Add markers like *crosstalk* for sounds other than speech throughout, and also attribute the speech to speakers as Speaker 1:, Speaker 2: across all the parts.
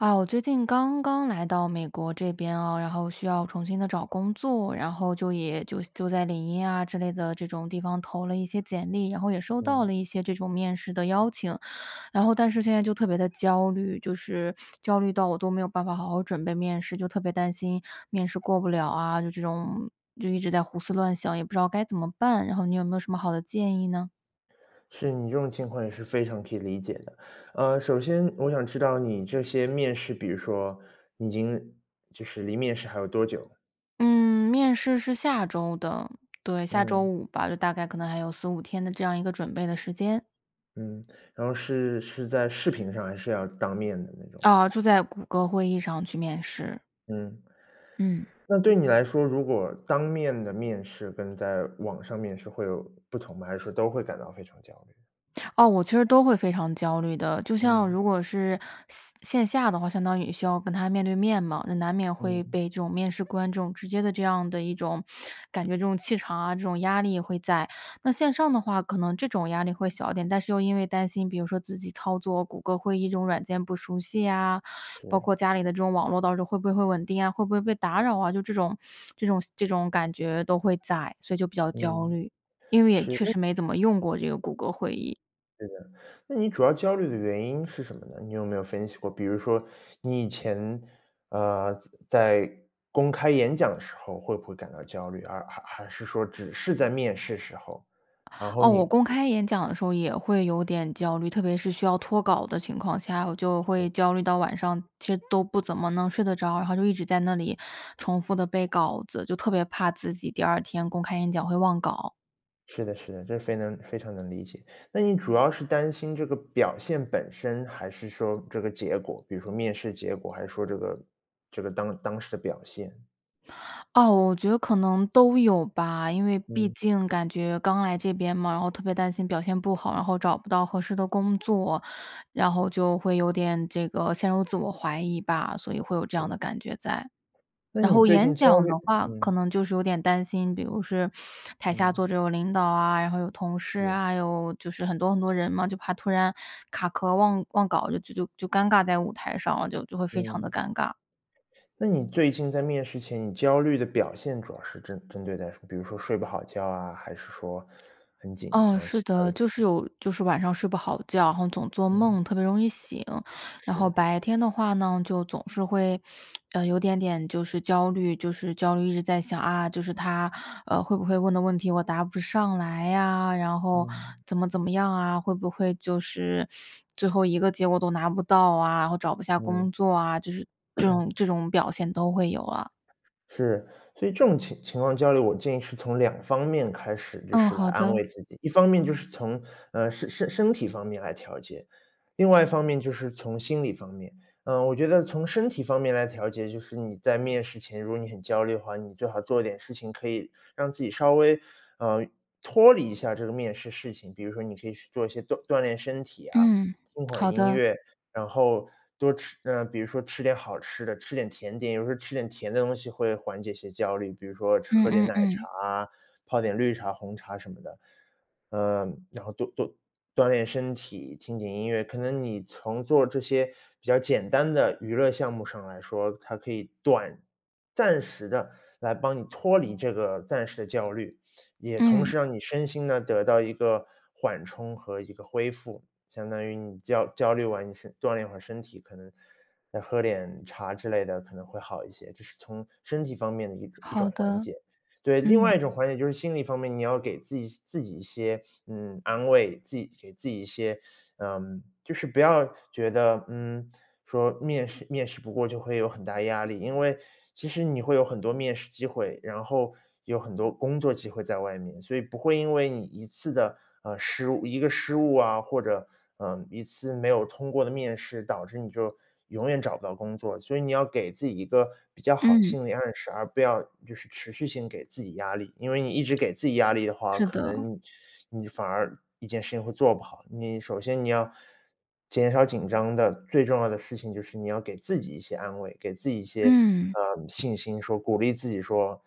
Speaker 1: 啊，我最近刚刚来到美国这边哦，然后需要重新地找工作，然后就也就就在领英啊之类的这种地方投了一些简历，然后也收到
Speaker 2: 嗯。
Speaker 1: 了一些这种面试的邀请。然后但是现在就特别地焦虑，就是，焦虑到我都没有办法好好准备面试，就特别担心面试过不了啊，就这种就一直在胡思乱想，也不知道该怎么办？然后你有没有什么好的建议呢？
Speaker 2: 是，你这种情况也是非常可以理解的。呃，首先，我想知道你这些面试，比如说，已经就是离面试还有多久？
Speaker 1: 嗯，面试是下周的。对，下周
Speaker 2: 嗯。
Speaker 1: 五吧，就大概可能还有4-5天的这样一个准备的时间。
Speaker 2: 嗯，然后是是在视频上？还是要当面的那种？
Speaker 1: 哦，就在谷歌会议上去面试。
Speaker 2: 嗯。
Speaker 1: 嗯。
Speaker 2: 那对你来说，如果当面的面试，跟在网上面试会有不同吗？还是说都会感到非常焦虑？
Speaker 1: 哦，我其实都会非常焦虑的，就像
Speaker 2: 嗯。
Speaker 1: 如果是线线下的话，相当于需要跟他面对面嘛，那难免会
Speaker 2: 嗯。
Speaker 1: 被这种面试官这种直接地这样的一种感觉这种气场啊，这种压力会在。那线上的话，可能这种压力会小一点，但是又因为担心，比如说自己操作谷歌会议这种软件不熟悉啊，包括
Speaker 2: 是。
Speaker 1: 家里的这种网络到时候会不会会稳定啊？会不会被打扰啊？就这种 *smacks lips* 这种这种感觉都会在，所以就比较焦
Speaker 2: 嗯。
Speaker 1: 虑，因为也
Speaker 2: 是，
Speaker 1: 确
Speaker 2: 那
Speaker 1: 实没怎么用过这个谷歌会议。
Speaker 2: 对的。那你主要焦虑的原因是什么呢？你有没有分析过，比如说你以前，呃，在在公开演讲的时候会不会感到焦虑，而还还是说只是在面试时候。然后
Speaker 1: 哦，我
Speaker 2: 你
Speaker 1: 公开演讲的时候也会有点焦虑。特别是需要脱稿的情况下，我就会
Speaker 2: 嗯。
Speaker 1: 焦虑到晚上其实都不怎么能睡得着，然后就一直在那里重复地背稿子，就特别怕自己第二天公开演讲会忘稿。
Speaker 2: 是的是的，这非能非常能理解。那你主要是担心这个表现本身还是说这个结果，比如说面试结果，还是说这个这个当当时的表现。
Speaker 1: 啊，我觉得可能都有吧。因为毕
Speaker 2: 嗯。
Speaker 1: 竟感觉刚来这边嘛，然后特别担心表现不好，然后找不到合适的工作，然后就会有点这个陷入自我怀疑吧，所以会有这样
Speaker 2: 是。
Speaker 1: 的感觉在。
Speaker 2: 那
Speaker 1: 然
Speaker 2: 你
Speaker 1: 后
Speaker 2: 最
Speaker 1: 演
Speaker 2: 近焦
Speaker 1: 讲
Speaker 2: 虑
Speaker 1: 的话
Speaker 2: 嗯。
Speaker 1: 可能就是有点担心，比如是台下坐
Speaker 2: 嗯。
Speaker 1: 着有领导啊，然后有同事
Speaker 2: 对。
Speaker 1: 啊，有就是很多很多人嘛，就怕突然卡壳忘忘稿就就就就尴尬在舞台上了，就就会非常地
Speaker 2: 嗯。
Speaker 1: 尴尬。
Speaker 2: 那你最近在面试前，你焦虑的表现主要是针针对在什么？比如说睡不好觉啊，还是说很紧
Speaker 1: 嗯，
Speaker 2: 张，
Speaker 1: 是
Speaker 2: 其他
Speaker 1: 的，
Speaker 2: 的一
Speaker 1: 就
Speaker 2: 些。
Speaker 1: 是有就是晚上睡不好觉，然后总做
Speaker 2: 嗯。
Speaker 1: 梦，特别容易醒。然后
Speaker 2: 是。
Speaker 1: 白天的话呢，就总是会 *smacks lips* 呃，有点点就是焦虑就是焦虑，一直在想，啊，就是他，啊，会不会问的问题我答不上来啊？然后
Speaker 2: 嗯。
Speaker 1: 怎么怎么样啊，会不会就是最后一个结果都拿不到啊，然后找不下
Speaker 2: 嗯。
Speaker 1: 工作啊，就是这
Speaker 2: *clears throat*
Speaker 1: 种这种表现都会有啊。
Speaker 2: 是。所以这种情情况焦虑，我建议是从两方面开始，就
Speaker 1: 嗯，
Speaker 2: 是来
Speaker 1: 好
Speaker 2: 安
Speaker 1: 的。
Speaker 2: 慰自己。一方面就是从，呃，身身体方面来调节，另外一方面就是从心理方面。呃，我觉得从身体方面来调节，就是你在面试前，如果你很焦虑的话，你最好做一点事情，可以让自己稍微，呃脱离一下这个面试事情。比如说你可以去做一些锻锻炼身体啊，
Speaker 1: 嗯，
Speaker 2: 听会儿
Speaker 1: 好
Speaker 2: 音
Speaker 1: 的。
Speaker 2: 乐，然后多吃呃，比如说吃点好吃的，吃点甜点。有时候吃点甜的东西会缓解些焦虑，比如说吃
Speaker 1: 嗯
Speaker 2: 喝点
Speaker 1: 嗯
Speaker 2: 奶茶
Speaker 1: 嗯。
Speaker 2: 啊，泡点绿茶、红茶什么的。呃然后多多锻炼身体，听听音乐，可能你从做这些比较简单的娱乐项目上来说，它可以短暂时地来帮你脱离这个暂时的焦虑，也同
Speaker 1: 嗯。
Speaker 2: 时让你身心呢，得到一个缓冲和一个恢复。相当于你焦焦虑完你身锻炼一会儿身体，可能，再喝点茶之类的，可能会好一些，这是从身体方面的一种一
Speaker 1: 好
Speaker 2: 种缓
Speaker 1: 的，
Speaker 2: 解。对，另外
Speaker 1: 嗯。
Speaker 2: 一种缓解，就是心理方面，你要给自己自己一些，*sniffs* 嗯，安慰，自己给自己一些，嗯就是不要觉得，嗯，说面试面试不过就会有很大压力。因为其实你会有很多面试机会，然后，有很多工作机会在外面，所以不会因为你一次的，呃，失误一个失误啊，或者，呃，一次没有通过的面试，导致你就永远找不到工作。所以你要给自己一个比较好的
Speaker 1: 嗯。
Speaker 2: 心理暗示，而不要就是持续性给自己压力。因为你一直给自己压力的话，
Speaker 1: 是
Speaker 2: 可
Speaker 1: 的。
Speaker 2: 能你反而一件事情会做不好。你首先，你要减少紧张的最重要的事情就是你要给自己一些安慰，给自己一些
Speaker 1: 嗯。
Speaker 2: 啊，信心说鼓励自己说：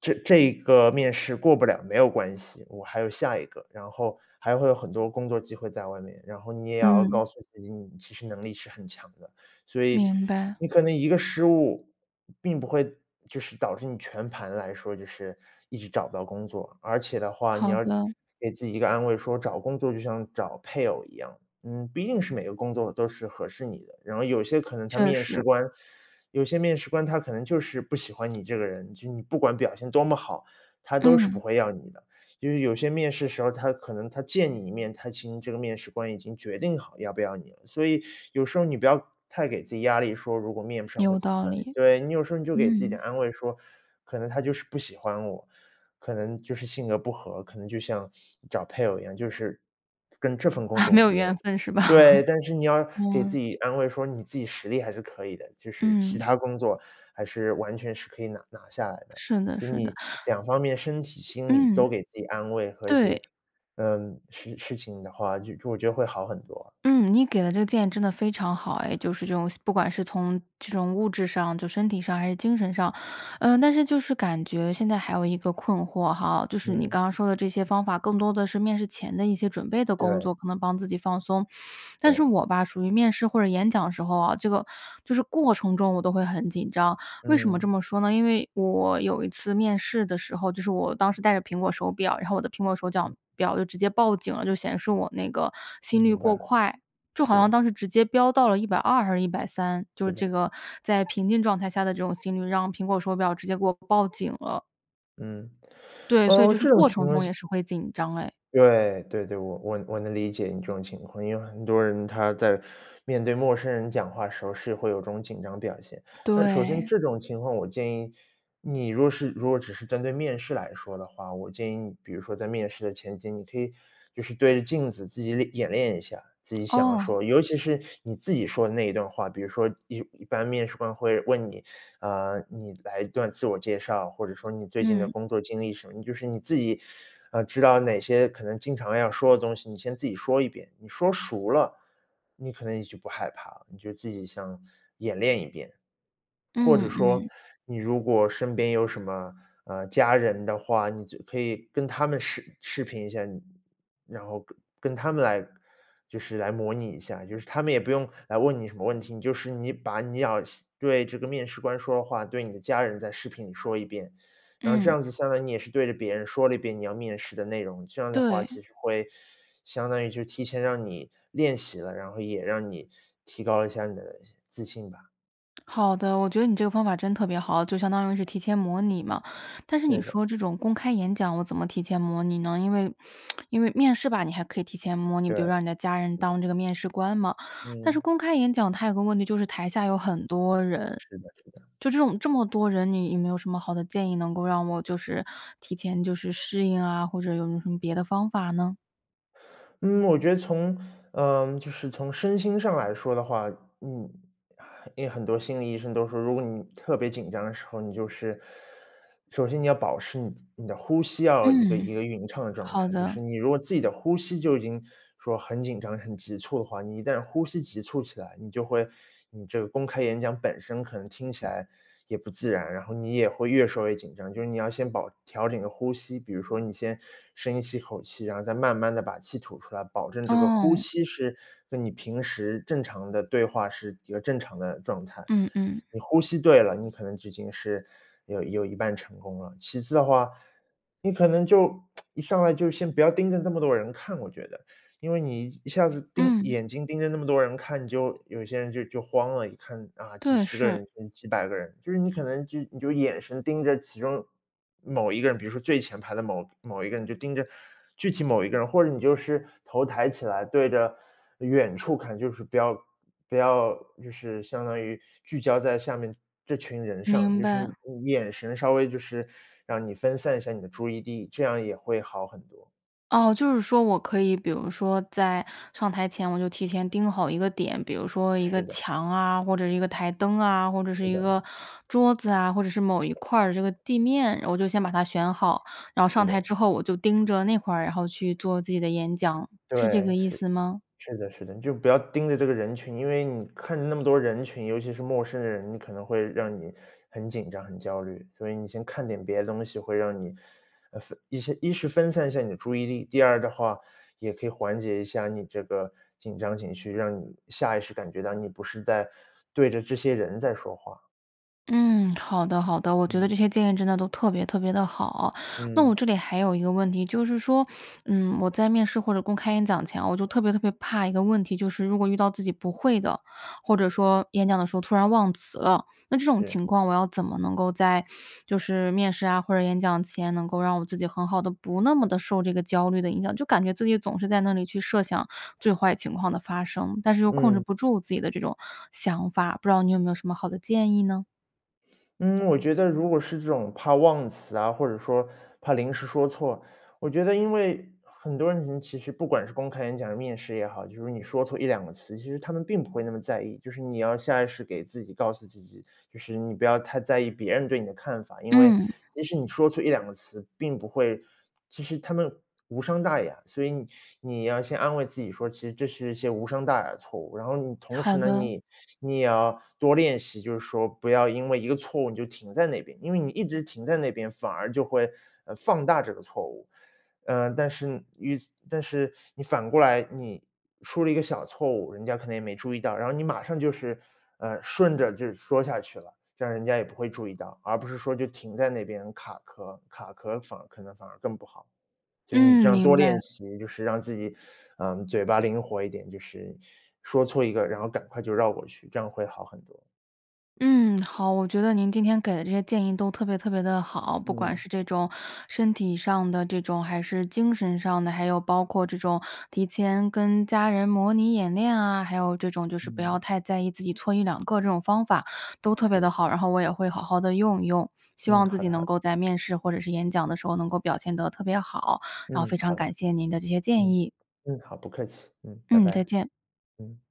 Speaker 2: “这这个面试过不了，没有关系，我还有下一个”。然后还会有很多工作机会在外面，然后你也要
Speaker 1: 嗯。
Speaker 2: 告诉自己你其实能力是很强的。所以
Speaker 1: 明白。
Speaker 2: 你可能一个失误，并不会就是导致你全盘来说，就是一直找不到工作。而且的话，你
Speaker 1: 好
Speaker 2: 要
Speaker 1: 的。
Speaker 2: 给自己一个安慰，说找工作就像找配偶一样，嗯，不一定是每个工作都是合适你的。然后有些可能他
Speaker 1: 确
Speaker 2: 面试
Speaker 1: 实。
Speaker 2: 官有些面试官他可能就是不喜欢你这个人，就你不管表现多么好，他都是不
Speaker 1: 嗯。
Speaker 2: 会要你的。就是有些面试时候，他可能他见你一面，他其实这个面试官已经决定好要不要你了。所以 *sucks teeth* 有时候你不要太给自己压力，说，如果面不上会
Speaker 1: 有
Speaker 2: 怎么
Speaker 1: 道
Speaker 2: 办
Speaker 1: 理。
Speaker 2: 对，你有时候你就给自己
Speaker 1: 嗯。
Speaker 2: 点安慰说：“可能他就是不喜欢我，可能就是性格不和，可能就像 *sniffs* 找配偶一样，就是跟这份工
Speaker 1: 啊，
Speaker 2: 作
Speaker 1: 没
Speaker 2: 无
Speaker 1: 有
Speaker 2: 缘
Speaker 1: 缘分是吧？
Speaker 2: “对，但是你
Speaker 1: *laughs*
Speaker 2: 要给自
Speaker 1: 嗯。
Speaker 2: 己安慰说你自己实力还是可以的，就是其
Speaker 1: 嗯。
Speaker 2: 他工作还是完全是可以拿拿下来的。
Speaker 1: 是的
Speaker 2: 所以
Speaker 1: 是的。
Speaker 2: 你两方面身体心理
Speaker 1: 嗯。
Speaker 2: 都给自己安慰和一
Speaker 1: 对。
Speaker 2: 些嗯，事事情的话，就我觉得会好很多。
Speaker 1: 嗯，你给的这个建议真的非常好哎，就是这种不管是从这种物质上，就身体上还是精神上。呃，但是就是感觉现在还有一个困惑哈，就是你
Speaker 2: 嗯。
Speaker 1: 刚刚说的这些方法，更多的是面试前的一些准备的工
Speaker 2: 对。
Speaker 1: 作，可能帮自己放松。但是
Speaker 2: 对。
Speaker 1: 我吧，属于面试或者演讲的时候啊，这个就是过程中我都会很紧张，为什么这
Speaker 2: 嗯。
Speaker 1: 么说呢？因为我有一次面试的时候，就是我当时戴着苹果手表，然后我的苹果手脚
Speaker 2: 嗯。
Speaker 1: 表就直接报警了，就显示我那个
Speaker 2: 嗯，
Speaker 1: 心率
Speaker 2: 明
Speaker 1: 过
Speaker 2: 白。
Speaker 1: 快。就好
Speaker 2: 对
Speaker 1: 像
Speaker 2: 啊，
Speaker 1: 当时直接飙到了120还是130，就
Speaker 2: 是
Speaker 1: 是
Speaker 2: 的。
Speaker 1: 这个在平静状态下的这种心率，让苹果手表直接给我报警了。
Speaker 2: 嗯。
Speaker 1: 对，所以
Speaker 2: 呃，
Speaker 1: 就是
Speaker 2: 这种
Speaker 1: 过
Speaker 2: 情
Speaker 1: 程
Speaker 2: 况
Speaker 1: 中
Speaker 2: 下
Speaker 1: 也是会紧张哎。
Speaker 2: 对。对对，我我我能理解你这种情况，因为很多人他在面对陌生人讲话时候，是会有这种紧张表现。那首先
Speaker 1: 对。
Speaker 2: 这种情况，我建议，你如果是如果只是针对面试来说的话，我建议你，比如说在面试的前期，你可以就是对着镜子自己练演练一下，自己想要
Speaker 1: 哦。
Speaker 2: 说尤其是你自己说的那一段话。比如说一一般面试官会问你，嗯，“你来一段自我介绍”，或者说“你最近的
Speaker 1: 嗯。
Speaker 2: 工作经历”什么。你就是你自己，呃，知道哪些可能经常要说的东西，你先自己说一遍。你说熟了，你可能也就不害怕了，你就自己像演练一遍。或者
Speaker 1: 嗯
Speaker 2: 说，
Speaker 1: 嗯。
Speaker 2: 你如果身边有什么，呃，家人的话，你就可以跟他们视视频一下，你然后跟跟他们来就是来模拟一下，就是他们也不用来问你什么问题，你就是你把你要向对这个面试官说的话，对你的家人在视频里说一遍。然后这
Speaker 1: 嗯。
Speaker 2: 样子相当于你也是对着别人说了一遍你要面试的内容，这样的话，
Speaker 1: 对。
Speaker 2: 其实会相当于就提前让你练习了，然后也让你提高一下你的自信吧。
Speaker 1: 好的，我觉得你这个方法真特别好，就相当于是提前模拟嘛。但是你
Speaker 2: 对的。
Speaker 1: 说这种公开演讲，我怎么提前模拟呢？因为 *smacks lips* 因为面试吧，你还可以提前模拟，比如
Speaker 2: 对。
Speaker 1: 让你的家人当这个面试官嘛。但是
Speaker 2: 嗯。
Speaker 1: 公开演讲它有个问题，就是台下有很多人，
Speaker 2: 是的是的。
Speaker 1: 就这种这么多人，你有没有什么好的建议，能够让我就是提前就是适应啊，或者有没有什么别的方法呢？
Speaker 2: 嗯，我觉得从呃，就是从身心上来说的话，嗯，因为很多心理医生都说，如果你特别紧张的时候，你就是首先你要保持你你的呼吸要一个
Speaker 1: 嗯，
Speaker 2: 一个匀称的状
Speaker 1: 好
Speaker 2: 态。就是
Speaker 1: 的。
Speaker 2: 你如果自己的呼吸，就已经说很紧张、很急促的话，你一旦呼吸急促起来，你就会你这个公开演讲本身，可能听起来也不自然，然后你也会越说越紧张。就是你要先保调整你的呼吸。比如说你先深吸一口气，然后再慢慢地把气吐出来，保证这个呼
Speaker 1: 哦。
Speaker 2: 吸是跟你平时正常的对话，是一个正常的状态。
Speaker 1: 嗯嗯。
Speaker 2: 你呼吸对了，你可能就已经是，有有一半成功了。其次的话，你可能就 *smacks lips* 一上来，就先不要盯着这么多人看，我觉得。因为你一下子盯
Speaker 1: 嗯。
Speaker 2: 眼睛盯着那么多人看，你就有些人就就慌了，一看，啊，几
Speaker 1: 对，
Speaker 2: 十个
Speaker 1: 是。
Speaker 2: 人，几百个人。就是你可能就你就眼神盯着其中某一个人，比如说最前排的某某一个人，就盯着具体某一个人，或者你就是头抬起来，对着远处看，就是不要不要就是相当于聚焦在下面这群人上，
Speaker 1: 明
Speaker 2: 就是
Speaker 1: 白。
Speaker 2: 你你眼神稍微就是让你分散一下你的注意力，这样也会好很多。
Speaker 1: 哦，就是说我可以，比如说在上台前，我就提前盯好一个点，比如说一个
Speaker 2: 是的。
Speaker 1: 墙啊，或者是一个台灯啊，或者是
Speaker 2: 是
Speaker 1: 一
Speaker 2: 的。
Speaker 1: 个桌子啊，或者是某一块儿这个地面，我就先把它选好。然后上
Speaker 2: 是
Speaker 1: 台
Speaker 2: 的。
Speaker 1: 之后我就盯着那块儿，然后去做自己的演讲，是这
Speaker 2: 对，
Speaker 1: 个意
Speaker 2: 是，
Speaker 1: 思吗？
Speaker 2: 是的是的，你就不要盯着这个人群。因为你看着那么多人群，尤其是陌生人，你可能会让你很紧张、很焦虑。所以你先看点别的东西，会让你，呃，分一些一是分散一下你的注意力。第二的话，也可以缓解一下你这个紧张情绪，让你下意识感觉到，你不是在对着这些人在说话。
Speaker 1: 嗯，好的好的，我觉得
Speaker 2: 嗯。
Speaker 1: 这些建议真的都特别特别地好。那我
Speaker 2: 嗯。
Speaker 1: 这里还有一个问题，就是说，嗯，我在面试或者公开演讲前，我就特别特别怕一个问题，就是如果遇到自己不会的，或者说演讲的时候突然忘词了。那这种情
Speaker 2: 是。
Speaker 1: 况我要怎么能够在就是面试啊，或者演讲前，能够让我自己很好地、不那么地受这个焦虑的影响。就感觉自己总是在那里去设想最坏情况的发生，但是又控制
Speaker 2: 嗯。
Speaker 1: 不住自己的这种想法，不知道你有没有什么好的建议呢？
Speaker 2: 嗯，我觉得如果是这种怕忘词啊，或者说，怕临时说错，我觉得因为，很多人，嗯，其实不管是公开演讲还是面试也好，就是你说错一两个词，其实他们并不会那么在意。就是你要下意识给自己告诉自己，就是你不要太在意别人对你的看法，因为，
Speaker 1: 嗯。
Speaker 2: 其实你说错一两个词，并不会其实它们无伤大雅。所以你 *sucks teeth* 你要先安慰自己说，其实这是一些无伤大雅的错误，然后你同
Speaker 1: 好
Speaker 2: 时呢，
Speaker 1: 的。
Speaker 2: 你你也要多练习，就是说不要因为一个错误，你就停在那边。因为你一直停在那边，反而就会，呃，放大这个错误。嗯，但是于此但是你反过来，你出了一个小错误，人家可能也没注意到，然后你马上就是，呃，顺着就说下去了，让人家也不会注意到。而不是说就停在那边卡壳儿，卡壳儿反而可能反而更不好，所以你这
Speaker 1: 嗯，
Speaker 2: 样
Speaker 1: 明
Speaker 2: 多练
Speaker 1: 白。
Speaker 2: 习，就是让自己，*sucks teeth* 嗯，嘴巴灵活一点，就是说错一个，然后赶快就绕过去，这样会好很多。
Speaker 1: 嗯，好，我觉得您今天给的这些建议都特别特别地好。不管
Speaker 2: 嗯。
Speaker 1: 是这种，身体上的这种，还是精神上的，还有包括这种，提前跟家人模拟演练啊，还有这种就是不要
Speaker 2: 嗯。
Speaker 1: 太在意自己错一两个这种方法，都特别地
Speaker 2: 是。
Speaker 1: 好。然后我也会好好地用一用，希
Speaker 2: 嗯，
Speaker 1: 望自
Speaker 2: 好
Speaker 1: 己
Speaker 2: 的好
Speaker 1: 能
Speaker 2: 的。
Speaker 1: 够在面试或者是演讲的时候能够表现得特别好，然后
Speaker 2: 嗯，
Speaker 1: 非常
Speaker 2: 好
Speaker 1: 感
Speaker 2: 的。
Speaker 1: 谢您的这些建
Speaker 2: 嗯，
Speaker 1: 议。
Speaker 2: 嗯，好，不客气。嗯，拜
Speaker 1: 嗯，再
Speaker 2: 拜。
Speaker 1: 见。
Speaker 2: 嗯。